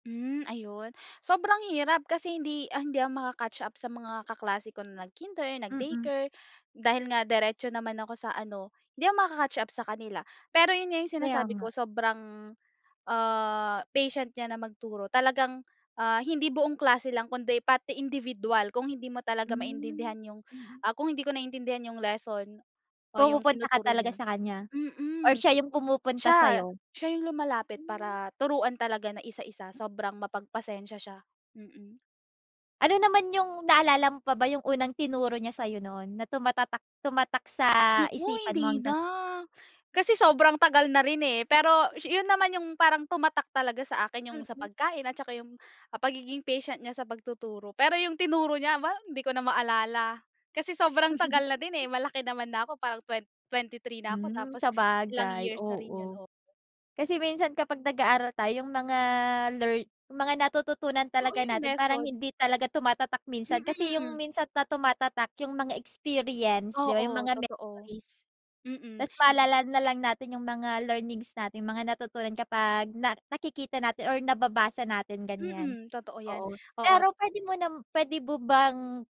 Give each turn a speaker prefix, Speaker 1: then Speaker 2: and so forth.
Speaker 1: Hmm, ayun sobrang hirap kasi hindi hindi ako maka catch up sa mga kaklase ko na nag-kinder,
Speaker 2: Mm.
Speaker 1: nag-daycare dahil nga diretso naman ako sa ano hindi ako maka-catch up sa kanila. Pero yun nga yung
Speaker 2: Kaya
Speaker 1: sinasabi ko
Speaker 2: nga.
Speaker 1: sobrang ah patient niya na magturo, talagang ah hindi buong klase lang kundi pati individual kung hindi mo talaga
Speaker 2: Hmm,
Speaker 1: maintindihan yung
Speaker 2: mm.
Speaker 1: ah kung hindi ko naiintindihan yung lesson o yung
Speaker 2: Pumupunta ka
Speaker 1: tinuturo
Speaker 2: talaga
Speaker 1: niya
Speaker 2: sa kanya or
Speaker 1: mm.
Speaker 2: siya yung pumupunta
Speaker 1: Siya
Speaker 2: sayo?
Speaker 1: siya yung lumalapit
Speaker 2: Hmm.
Speaker 1: para turuan talaga na isa-isa, sobrang mapagpasensiya siya, mm.
Speaker 2: Ano naman yung naalala mo pa ba yung unang tinuro niya sayo noon, na tumatatak tumatak sa
Speaker 1: Naku
Speaker 2: isipan mo
Speaker 1: hindi
Speaker 2: hanggang
Speaker 1: na, kasi sobrang tagal na rin eh, pero yun naman yung parang tumatak talaga sa akin yung sa
Speaker 2: Mm.
Speaker 1: pagkain at tsaka yung pagiging patient niya sa pagtuturo, pero yung tinuro niya aba hindi ko na maalala. Kasi sobrang tagal na din eh, malaki naman na ako parang twen twenty-three na ako
Speaker 2: Hmm,
Speaker 1: tapos ilang
Speaker 2: sabagay,
Speaker 1: years na rin yun
Speaker 2: oo
Speaker 1: oh.
Speaker 2: kasi minsan kapag nag aaral tayong mga learn yung mga natututunan
Speaker 1: Oo
Speaker 2: talaga
Speaker 1: yung
Speaker 2: natin parang
Speaker 1: lesson.
Speaker 2: hindi talaga tumatatak minsan. Kasi yung
Speaker 1: Mm.
Speaker 2: minsan na tumatatak yung mga experience 'di ba, yung
Speaker 1: Oo,
Speaker 2: mga
Speaker 1: totoo,
Speaker 2: memories.
Speaker 1: mm.
Speaker 2: Tas maalala na lang natin yung mga learnings natin, yung mga natutunan kapag na nakikita natin or nababasa natin ganyan.
Speaker 1: Mm, totoo yan,
Speaker 2: Oo
Speaker 1: oo
Speaker 2: pero pwede mo na pwede mo bang